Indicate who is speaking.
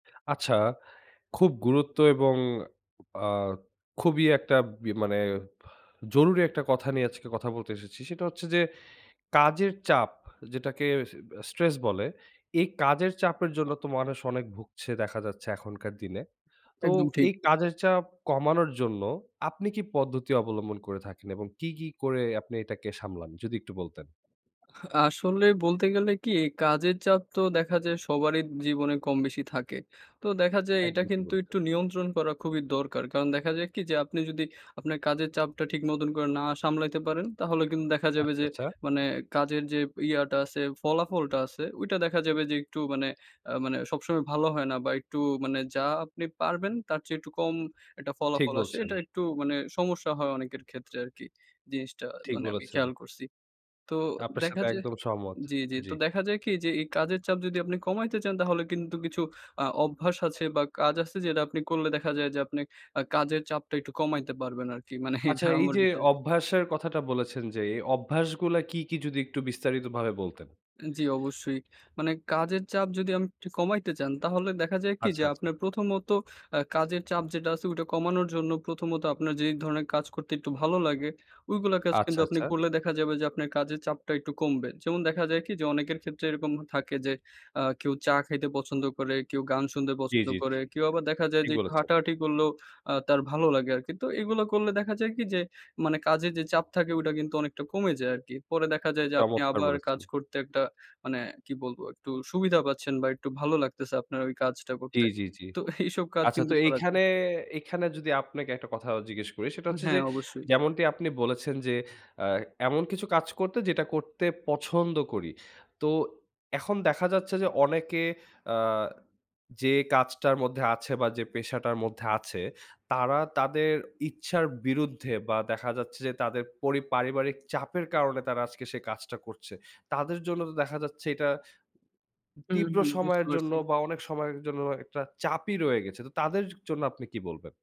Speaker 1: আচ্ছা, খুব গুরুত্ব এবং আ খুবই একটা বি মানে বাহ জরুরি একটা কথা নিয়ে আজকে কথা বলতে এসেছি। সেটা হচ্ছে যে কাজের চাপ, যেটাকে সে অ্যা স্ট্রেস বলে, এই কাজের চাপের জন্য তো মানুষ অনেক ভুগছে দেখা যাচ্ছে এখনকার দিনে। তো
Speaker 2: একদম ঠিক।
Speaker 1: এই কাজের চাপ কমানোর জন্য আপনি কী পদ্ধতি অবলম্বন করে থাকেন এবং কী, কী করে আপনি এটাকে সামলান? যদি একটু বলতেন।
Speaker 2: হা আসলে বলতে গেলে কী? কাজের চাপ তো দেখা যায় সবারই ইপ জীবনে কম, বেশি থাকে। তো দেখা যায় এটা
Speaker 1: একদম ঠিক
Speaker 2: কিন্তু
Speaker 1: বলেছেন।
Speaker 2: একটু নিয়ন্ত্রণ করা খুবই দরকার। কারণ দেখা যায় কী? যে আপনি যদি আপনার কাজের চাপটা ঠিক মতন করে না সামলাইতে পারেন, তাহলে কিন্তু দেখা যাবে
Speaker 1: আচ্ছা,
Speaker 2: যে
Speaker 1: আচ্ছা।
Speaker 2: মানে কাজের যে ইয়াটা আছে, ফলাফলটা আছে, ওইটা দেখা যাবে যে একটু মানে আ মানে সবসময় ভালো হয় না বা, একটু মানে যা আপনি পারবেন, তার চেয়ে একটু একটা কম
Speaker 1: ঠিক
Speaker 2: ফলাফল আসে।
Speaker 1: বলছেন।
Speaker 2: এটা একটু মানে সমস্যা হয় অনেকের ক্ষেত্রে আরকি, জিনিসটা
Speaker 1: ঠিক
Speaker 2: মানে আমি খেয়াল
Speaker 1: বলেছেন।
Speaker 2: করছি। তো
Speaker 1: আপনার সাথে
Speaker 2: দেখা যায়
Speaker 1: একদম সহমত।
Speaker 2: জি, জি।
Speaker 1: জি।
Speaker 2: তো দেখা যায় কী? যে এই কাজের চাপ যদি আপনি কমাইতে চান, তাহলে কিন্তু কিছু অ্যা অভ্যাস আছে বা, কাজ আছে, যেটা আপনি করলে দেখা যায় যে আপনি আ কাজের চাপটা একটু কমাইতে পারবেন আরকি। মানে
Speaker 1: আচ্ছা,
Speaker 2: এটা আমার
Speaker 1: এইযে
Speaker 2: বিশ্বাস।
Speaker 1: অভ্যাসের কথাটা বলেছেন যে, এই অভ্যাসগুলা কী, কী? যদি একটু বিস্তারিতভাবে বলতেন।
Speaker 2: এ জি, অবশ্যই। মানে কাজের চাপ যদি আমি একটু কমাইতে চান, তাহলে দেখা যায় কী?
Speaker 1: আচ্ছা,
Speaker 2: যে
Speaker 1: আচ্ছা।
Speaker 2: আপনার প্রথমত আ কাজের চাপ যেটা আছে, ওইটা কমানোর জন্য প্রথমত আপনার যে ধরনের কাজ করতে একটু ভালো লাগে, ওইগুলো কাজ কিন্তু
Speaker 1: আচ্ছা,
Speaker 2: আপনি
Speaker 1: আচ্ছা।
Speaker 2: করলে দেখা যাবে যে আপনার কাজের চাপটা একটু কমবে। যেমন দেখা যায় কী? যে অনেকের ক্ষেত্রে এরকম থাকে যে আ কেউ চা খাইতে পছন্দ করে, কেউ গান শুনতে
Speaker 1: জি,
Speaker 2: পছন্দ
Speaker 1: জি, জি।
Speaker 2: করে, কেউ
Speaker 1: হে
Speaker 2: আবার দেখা যায়
Speaker 1: ঠিক
Speaker 2: যে একটু
Speaker 1: বলেছেন।
Speaker 2: হাঁটাহাঁটি করলেও আ তার ভালো লাগে আরকি। তো এগুলো করলে দেখা যায় কী? যে মানে কাজে যে চাপ থাকে, ওইটা কিন্তু অনেকটা কমে যায় আরকি। পরে দেখা যায় যে আপনি
Speaker 1: চমৎকার
Speaker 2: আবার কাজ
Speaker 1: বলেছেন।
Speaker 2: করতে একটা মানে কী বলবো? একটু সুবিধা পাচ্ছেন বা, একটু ভালো লাগতেছে আপনার ওই কাজটা
Speaker 1: জি,
Speaker 2: করতে।
Speaker 1: জি, জি।
Speaker 2: তো এ এইসব কাজ
Speaker 1: আচ্ছা,
Speaker 2: কিন্তু
Speaker 1: তো
Speaker 2: করা যায়।
Speaker 1: এইখানে এইখানে যদি আপনাকে একটা কথা আ জিজ্ঞেস করি, সেটা
Speaker 2: উ
Speaker 1: হচ্ছে
Speaker 2: হ্যাঁ,
Speaker 1: যে,
Speaker 2: অবশ্যই।
Speaker 1: যেমনটি আপনি বলেছেন যে, অ্যা এমন কিছু কাজ করতো, যেটা করতে পছন্দ করি। তো এখন দেখা যাচ্ছে যে অনেকে অ্যা যে কাজটার মধ্যে আছে বা, যে পেশাটার মধ্যে আছে, তারা তাদের ইচ্ছার বিরুদ্ধে বা, দেখা যাচ্ছে যে তাদের পরি পারিবারিক চাপের কারণে তারা আজকে সে কাজটা করছে। তাদের জন্য তো দেখা যাচ্ছে এটা উ
Speaker 2: হুম,
Speaker 1: তীব্র
Speaker 2: হুম। বুঝতে
Speaker 1: সময়ের জন্য
Speaker 2: পারছি।
Speaker 1: বা, অনেক সময়ের জন্য একটা চাপই রয়ে গেছে। তো তাদের ছো জন্য আপনি কী বলবেন?